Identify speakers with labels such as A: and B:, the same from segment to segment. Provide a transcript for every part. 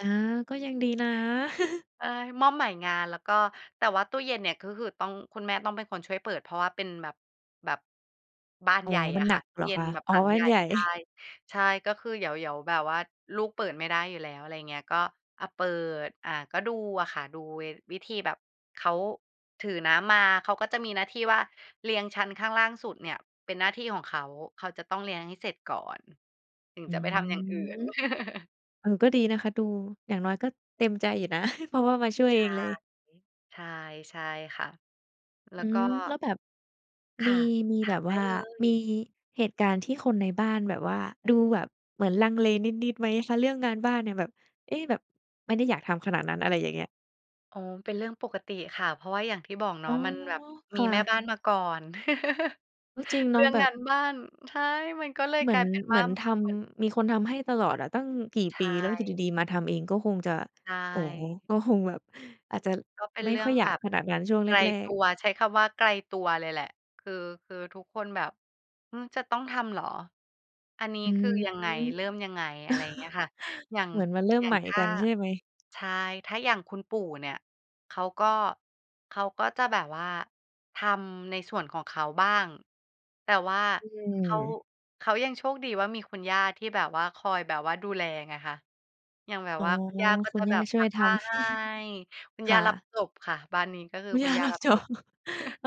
A: อา ก็ยังดีนะ
B: เออ มอบใหม่งานแล้วก็ แต่ว่าตู้เย็นเนี่ย ก็คือต้อง คุณแม่ต้องเป็นคนช่วยเปิด เพราะว่าเป็นแบบ แบบ บาน
A: อ๋
B: ใ
A: อ
B: หญ่
A: ม
B: อ
A: ัน
B: ะ
A: หน
B: ค่
A: ั
B: ะ
A: ก
B: ตู
A: เ
B: ้
A: หรอ
B: เย็
A: ค
B: น
A: ะ?
B: แบบ
A: อ๋อ
B: หลัง
A: มั
B: ใหญ
A: น
B: ่
A: ใหญ่
B: ใช่ ใช่ ก็คือเดี๋ยว เดี๋ยวแบบว่า ลูกเปิดไม่ได้อยู่แล้ว อะไรอย่างเงี้ย ก็ อะ เปิด อะ ก็ดูอะค่ะ ดูเว วิธีแบบเขาถือน้ำมา เขาก็จะมีหน้าที่ว่า เรียงชั้นข้างล่างสุดเนี่ย เป็นหน้าที่ของเขา เขาจะต้องเรียงให้เสร็จก่อน ถึง
A: อื
B: จะไปทำอย่างอื่
A: ม
B: น
A: เออ ก็ดีนะคะดู อย่างน้อยก็เต็มใจอยู่นะ เพราะว่ามาช่วย
B: ใช
A: เอ
B: ่
A: งเลย
B: ใช่ ใช่ค่ะ แล้
A: อื
B: วก็
A: ม แล้วแบบ
B: ค
A: มี
B: ่ะ
A: มี
B: ถ
A: แบ
B: าม
A: บ
B: ได
A: ว
B: ้
A: ่า
B: เล
A: มี
B: ย
A: เหตุการณ์ที่คนในบ้านแบบว่า ดูแบบเหมือนลังเลนิด ๆ ไหมคะ? เรื่องงานบ้านเนี่ยแบบ เอ๊ะ! แบบไม่ได้อยากทำขนาดนั้น อะไรอย่างเงี้ย
B: อ๋อ มันเป็นเรื่องปกติค่ะ เพราะว่าอย่างที่บอกเน
A: อ
B: า
A: ๋
B: ะ
A: อ
B: มันแบบ
A: ค
B: มี
A: ่
B: แม่
A: ะ
B: บ้านมาก่อน
A: ก็จริงเ
B: เร
A: น
B: ื
A: า
B: ่
A: ะ
B: อง
A: แบ
B: งา
A: บ
B: นบ้าน ใช่ มันก็เลย
A: เหมื
B: ก
A: อ
B: ลา
A: น
B: ยเป็น
A: เ
B: ว
A: หม
B: ่า
A: ือนท
B: เหมือน
A: ำ มีคนทำให้ตลอดอะตั้งกี่
B: ใช
A: ปี แล้วอยู่ด
B: ่
A: ี ๆ มาทำเอง ก็คงจะ
B: ใช
A: โอ้โฮ!
B: ่
A: ก็คงแบบอาจจะ
B: ก็เป็น
A: ไม่
B: เรื่
A: ค
B: อ
A: ่
B: ง
A: อยอย
B: แ
A: า
B: บ
A: ก
B: บ
A: ขนาดนั้นช่วง
B: ไ
A: แ
B: กล
A: ร
B: ต
A: ก
B: ั
A: ๆ
B: ว ใช้คำว่าไกลตัวเลยแหละ คือ คือทุกคนแบบ "อืม จะต้องทำเหรอ? อันนี้
A: อื
B: คื
A: ม
B: อยังไง เริ่มยังไง?" อะไรอย่างเงี้ยค่ะ อย่าง
A: เหมือนมันเริ่
B: อ
A: ม
B: ย่า
A: ใ
B: ง
A: หม่
B: ถ้
A: กั
B: า
A: นใช่ไหม?
B: ใช่ ถ้าอย่างคุณปู่เนี่ย เขาก็ เขาก็จะแบบว่าทำในส่วนของเขาบ้าง แต่ว่า
A: อื
B: เขา
A: ม
B: เขายังโชคดีว่า มีคุณย่าที่แบบว่าคอยแบบว่าดูแลไงคะ อย่างแบบ
A: อ๋อ
B: ว่าคุณย่าก็
A: คุ
B: จะ
A: ณย่
B: แบ
A: า
B: บ
A: ช่
B: พ
A: ว
B: ั
A: ย
B: บ
A: ท
B: ผ้า
A: ำ
B: ให้ คุณ
A: ค
B: ย่
A: ่
B: ารับ
A: ะ
B: จบค่ะ บ้านนี้ก็คือ
A: คุณ
B: คุ
A: ย่
B: ณ
A: า
B: ย่า
A: รั
B: ร
A: บ
B: ับ
A: จ
B: จ
A: บ
B: บ
A: เอ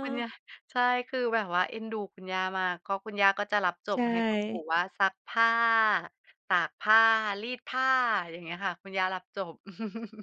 B: คุณย่า ใช่ คือแบบว่าเอ็นดูคุณย่ามาก เพราะคุณย่าก็จะรับจ
A: ใช
B: บให้คุณ
A: ่
B: ปู่ว่า ซักผ้า ตากผ้า รีดผ้า อย่างเงี้ยค่ะ คุณย่ารับจบ